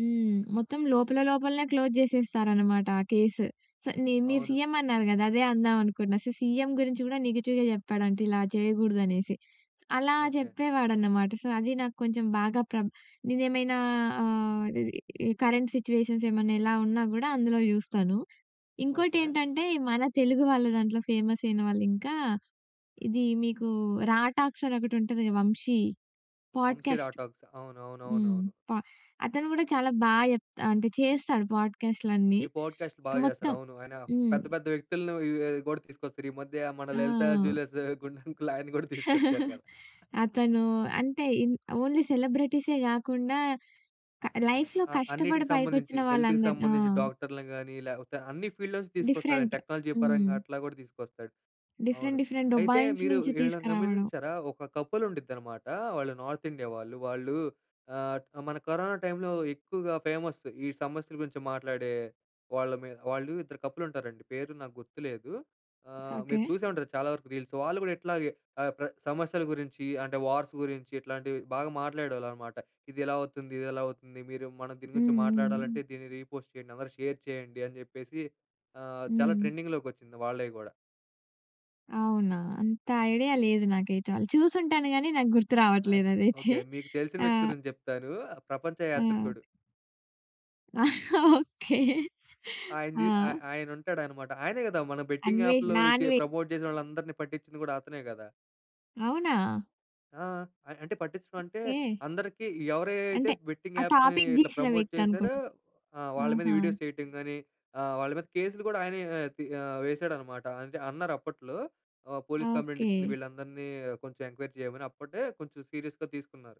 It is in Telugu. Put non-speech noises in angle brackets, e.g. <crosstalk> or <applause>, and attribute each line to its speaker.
Speaker 1: హ్మ్. మొత్తం లోపల లోపలనే క్లోజ్ జేసేస్తారనమాట ఆ కేస్. సో ని మీరు
Speaker 2: అవును.
Speaker 1: సీఎం అన్నారు గదా! అదే అందామనుకున్నా. సో సీఎం గురించి గూడా నెగెటివ్‌గా చెప్పాడంట ఇలా జేయగూడదనేసి. అలా
Speaker 2: ఓకే.
Speaker 1: జేప్పేవాడన్నమాట. సో అది నాకొంచెం బాగా ప్రబ్ నేనేమైనా ఆహ్, ఇది కరెంట్ సిట్యుయేషన్స్ ఏమన్నా ఎలా ఉన్నా గూడా అందులో చూస్తాను.
Speaker 2: ఓకే.
Speaker 1: ఇంకోటేంటంటే మన తెలుగు వాళ్ళ దాంట్లో ఫేమసైన వాళ్ళింకా ఇది మీకు 'రా టాక్స్' అని ఒకటి ఉంటది. వంశీ
Speaker 2: 'వంశీ
Speaker 1: పోడ్కాస్ట్.
Speaker 2: రాటాక్స్.'
Speaker 1: హ్మ్.
Speaker 2: అవునవునవునవును.
Speaker 1: ప అతను గూడా చాలా బా చెప్తా అంటే చేస్తాడు. పోడ్కాస్ట్‌లన్నీ
Speaker 2: ఈ పోడ్కాస్ట్ బాగా చేస్తాడు.
Speaker 1: మొత్తం.
Speaker 2: అవును. ఆయన
Speaker 1: హ్మ్.
Speaker 2: పెద్ద పెద్ద వ్యక్తుల్ని యుఎ గూడా తీసుకొస్తారు. ఈ మధ్య మన లలిత
Speaker 1: ఆ!
Speaker 2: జ్యులర్స్ గుండంకుల్ని ఆయన్ని గూడా తీసుకొచ్చారు
Speaker 1: <chuckles>
Speaker 2: గదా!
Speaker 1: అతను అంటే ఇన్ ఓన్లీ సెలబ్రిటీసే గాకుండా క లైఫ్‌లో
Speaker 2: ఆ! అన్నిటికి
Speaker 1: కష్టపడి
Speaker 2: సంబంధించి
Speaker 1: పైకొచ్చిన
Speaker 2: హెల్త్‌కి
Speaker 1: వాళ్ళందరు ఆ!
Speaker 2: సంబంధించి డాక్టర్‌లని గాని, లేపోతే అన్ని ఫీల్డ్‌లో నుంచి తీసుకొస్తాడు.
Speaker 1: డిఫరెంట్.
Speaker 2: టెక్నాలజీ పరంగా
Speaker 1: హ్మ్.
Speaker 2: అట్లా గూడా తీసుకొస్తాడు. అవును.
Speaker 1: డిఫరెంట్ డిఫరెంట్
Speaker 2: అయితే
Speaker 1: డొబైన్స్
Speaker 2: మీరు
Speaker 1: నుంచి
Speaker 2: వీళ్ళని
Speaker 1: తీసుకురావడం.
Speaker 2: గమనించారా ఒక కపుల్ ఉండుంద్దనమాట, వాళ్ళు నార్త్ ఇండియా వాళ్ళు. వాళ్ళు ఆహ్, మన కరోనా టైమ్‌లో ఎక్కువగా ఫేమస్. ఈ సమస్యల గురించి మాట్లాడే వాళ్ళమి వాళ్ళు ఇద్దరు కపుల్ ఉంటారండి. పేర్లు నాకు గుర్తులేదు. ఆహ్, మీరు
Speaker 1: ఓకే.
Speaker 2: చూసే ఉంటారు చాలా వరకు రీల్స్. వాళ్ళు గూడా ఇట్లాగే ఆహ్, ప్ర సమస్యల గురించి, అంటే వార్స్ గురించి, ఇట్లాంటివి బాగా మాట్లాడేవాళ్ళనమాట. "ఇదెలా అవుతుంది? ఇదెలా అవుతుంది? మీరు మనం దీని గురించి
Speaker 1: హ్మ్. హ్మ్.
Speaker 2: మాట్లాడాలంటే దీన్ని రీ పోస్ట్ చేయండి. అందరూ షేర్ చేయండి." అని జెప్పేసి ఆహ్, చాలా
Speaker 1: హ్మ్.
Speaker 2: ట్రెండింగ్‌లోకొచ్చింది వాళ్ళయి గూడా.
Speaker 1: అవునా! అంత ఐడియా లేదు నాకైతే వాళ్ళు. చూసుంటాను గాని నాకు గుర్తు
Speaker 2: యాక్
Speaker 1: రావట్లేదు అదైతే.
Speaker 2: ఓకే. మీకు తెలిసిన వ్యక్తి
Speaker 1: ఆహ్
Speaker 2: గురించి జెప్తాను. ఆహ్, ప్రపంచ
Speaker 1: ఆ!
Speaker 2: యాత్రికుడు.
Speaker 1: ఓకే.
Speaker 2: ఆయనది. ఆ
Speaker 1: ఆ!
Speaker 2: ఆయనుంటాడన్నమాట. ఆయనే గదా! మన బెట్టింగ్
Speaker 1: అన్వేష్
Speaker 2: యాప్‌లో
Speaker 1: నా
Speaker 2: చె
Speaker 1: అన్వే
Speaker 2: ప్రమోట్ జేసిన వాళ్ళందరిని పట్టించింది గూడా అతనే గదా!
Speaker 1: అవునా?
Speaker 2: ఆ! అం అంటే పట్టించడంటే
Speaker 1: ఓకే.
Speaker 2: అందరికి ఎవరియి అయితే
Speaker 1: అంటే
Speaker 2: బెట్టింగ్
Speaker 1: ఆ
Speaker 2: యాప్స్‌ని
Speaker 1: టాపిక్
Speaker 2: ఇట్లా
Speaker 1: దీసిన
Speaker 2: ప్రమోట్
Speaker 1: వ్యక్తి
Speaker 2: జేసారో
Speaker 1: అనుకుంట.
Speaker 2: ఆ! వాళ్ళ మీద
Speaker 1: ఆహా!
Speaker 2: వీడియోస్ చేయటం గాని, ఆహ్, వాళ్ళ మీద కేస్‌లు గూడా ఆయనే ఆహ్, తి ఆహ్, వేసాడన్నమాట. అంటే అన్నారప్పట్లో. ఆహ్, "పోలీస్
Speaker 1: ఓకే.
Speaker 2: కంప్లెయింటిచ్చింది వీళ్ళందరిని కొంచెం ఎంక్వైరీ జేయమని" అప్పుడే కొంచెం సీరియస్‌గా తీసుకున్నారు.